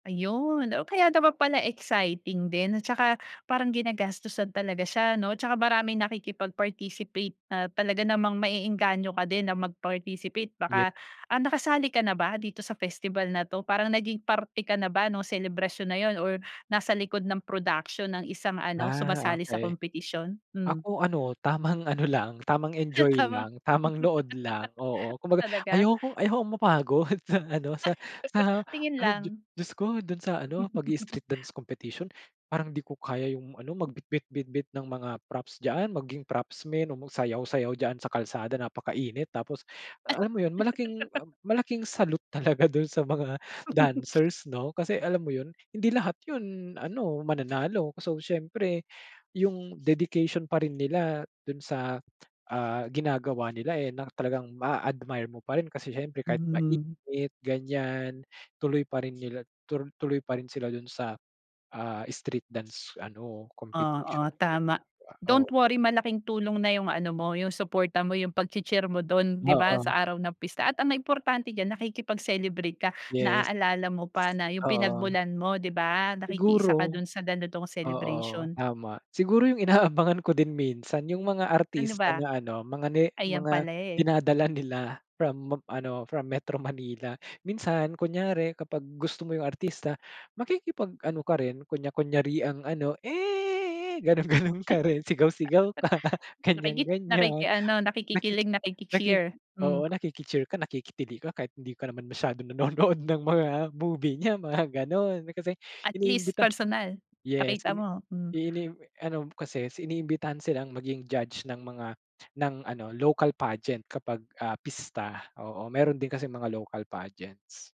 Ayun. Oh, kaya naman pala exciting din. At saka parang ginagastusan talaga siya, no, tsaka maraming nakikipag-participate na talaga namang maeenganyo ka din na mag-participate. Yeah Baka ah, nakasali ka na ba dito sa festival na 'to? Parang naging parte ka na ba nung selebrasyon na 'yun, or nasa likod ng production ng isang ano, Ah, sumasali sa okey. kompetisyon? Hmm. Ako ano, tamang ano lang, tamang Ah, enjoy tama. lang, tamang nood lang, oo. Kumbaga, Talaga? ayoko ayokong mapagod sa ano, sa sa Tingin ad di lang. Diyos ko do'n sa ano, pag-i-street dance competition, parang di ko kaya yung ano, magbitbit-bitbit ng mga props diyaan, maging propsmen o magsayaw-sayaw diyaan sa kalsada napakainit tapos alam mo yun, malaking, um, malaking salute talaga do'n sa mga dancers, 'no. Kasi alam mo, ’yun, hindi lahat ’yun, ano, mananalo. So, siyempre, ’yung dedication pa rin nila do'n sa, ah, ginagawa nila, eh, na talagang ma-a-admire mo pa rin, kasi siyempre kahit Hmm. mainit, ganyan, tuloy pa rin nila, turu tuloy pa rin sila do'n sa, ah, street dance, ano, competition Oo, na yun, tama, di ba? don't Oo. worry, malaking tulong na yung ano mo, yung suporta mo, yung pagchee-cheer mo do'n, di ba, Oo. sa araw ng pista, at ang nag importante diyan, nakikipag-celebrate ka, Yes. naaalala mo pa na yung Oo. pinagmulan mo, di ba, nakikiisa ka Siguro do'n sa ganitong oo, celebration. tama. Siguro yung inaabangan ko din minsan yung mga Ano artista ba? na, ano, mga ni Ayan mga pala, eh. dinadala nila, from mog ano, from Metro Manila. Minsan, kunyari, kapag gusto mo yung artista, makikipag-ano ka rin, kunya-kunyariang ano, "Eh," gano'n-gano'n ka rin, sigaw-sigaw ka, Nakikit ganyan-ganyan. nakiki-ano, Nakiki nakikikilig, nakiki nakiki-cheer, hmm. oo, nakiki-cheer ka, nakikitili ka, kahit hindi ka naman masyadong nanonood ng mga movie niya, mga gano'n, kasi At least iniimbita. personal Yes, nakita ini mo, hmm. inim ano kasi is iniimbitahan silang maging judge ng mga, ng ano local pageant kapag, ah, pista. Oo, mayro'n din kasing mga local pageants.